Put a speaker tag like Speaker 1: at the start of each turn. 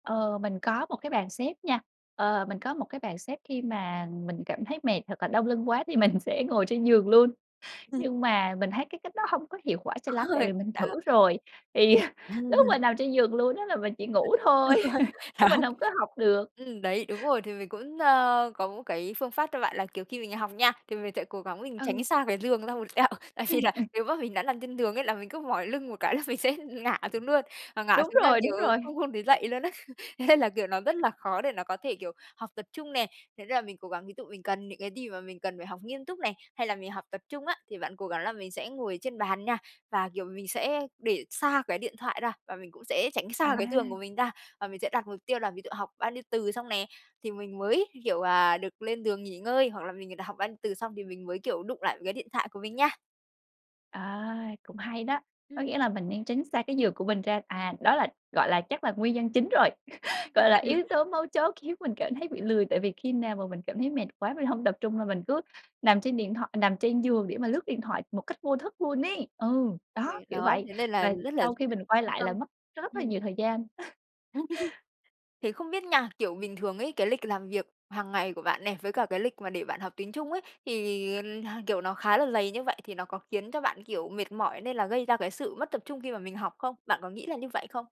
Speaker 1: Ờ, mình có một cái bàn xếp nha, ờ, mình có một cái bàn xếp, khi mà mình cảm thấy mệt hoặc là đau lưng quá thì mình sẽ ngồi trên giường luôn.
Speaker 2: Ừm.
Speaker 1: Nhưng mà mình thấy cái cách đó hông có hiệu quả cho lắm, tại
Speaker 2: Hơi
Speaker 1: vì mình
Speaker 2: à.
Speaker 1: thử rồi, thì lúc mà nằm trên giường luôn á, là mình chỉ ngủ thôi
Speaker 2: Được rồi,
Speaker 1: chứ
Speaker 2: đó.
Speaker 1: mình hông có học được.
Speaker 2: Ừm, đấy! Đúng rồi. Thì mình cũng, ơ, có cái phương pháp cho bạn là, kiểu, khi mình học nha, thì mình sẽ cố gắng mình tránh
Speaker 1: Ừ.
Speaker 2: xa cái giường ra một tẹo. Tại
Speaker 1: Ừm,
Speaker 2: vì là
Speaker 1: ừm.
Speaker 2: nếu mà mình đã nằm trên giường ấy, là mình cứ mỏi lưng một cái là mình sẽ ngã xuống luôn, mà ngã
Speaker 1: Đúng
Speaker 2: xuống là,
Speaker 1: rồi, đúng
Speaker 2: kiểu,
Speaker 1: rồi!
Speaker 2: không không thể dậy luôn á. Thế là, kiểu, nó rất là khó để nó có thể, kiểu, học tập trung nè, thành ra là mình cố gắng. Ví dụ mình cần những cái gì mà mình cần phải học nghiêm túc này, hay là mình học tập trung á, thì bạn cố gắng là mình sẽ ngồi trên bàn nha. Và, kiểu, mình sẽ để xa cái điện thoại ra, và mình cũng sẽ tránh xa cái giường của
Speaker 1: À.
Speaker 2: mình ra. Và mình sẽ đặt mục tiêu là ví dụ học bao nhiêu từ xong nè, thì mình mới, kiểu, à, được lên giường nghỉ ngơi. Hoặc là mình đã học bao nhiêu từ xong thì mình mới, kiểu, đụng lại cái điện thoại của mình nha.
Speaker 1: À, cũng hay đó! Có
Speaker 2: Ừm.
Speaker 1: nghĩa là mình nên tránh xa cái giường của mình ra. À, đó là, gọi là, chắc là nguyên nhân chính rồi, gọi là yếu tố mấu chốt khiến mình cảm thấy bị lười. Tại vì khi nào mà mình cảm thấy mệt quá, mình hông tập trung là mình cứ nằm trên điện thoại nằm trên giường để mà lướt điện thoại một cách vô thức luôn ấy. Ừ,
Speaker 2: Xong
Speaker 1: đó!
Speaker 2: rồi,
Speaker 1: Kiểu
Speaker 2: đó,
Speaker 1: vậy
Speaker 2: thế nên là
Speaker 1: và
Speaker 2: rất là d
Speaker 1: sau khi mình quay
Speaker 2: phân
Speaker 1: lại
Speaker 2: tâm.
Speaker 1: là mất rất là
Speaker 2: Ừm.
Speaker 1: nhiều thời gian.
Speaker 2: Thế không biết nha, kiểu, bình thường ấy, cái lịch làm việc hằng ngày của bạn này, với cả cái lịch mà để bạn học tiếng Trung ấy, thì, kiểu, nó khá là dày như vậy thì nó có khiến cho bạn, kiểu, mệt mỏi, nên là gây ra cái sự mất tập trung khi mà mình học không? Bạn có nghĩ là như vậy không?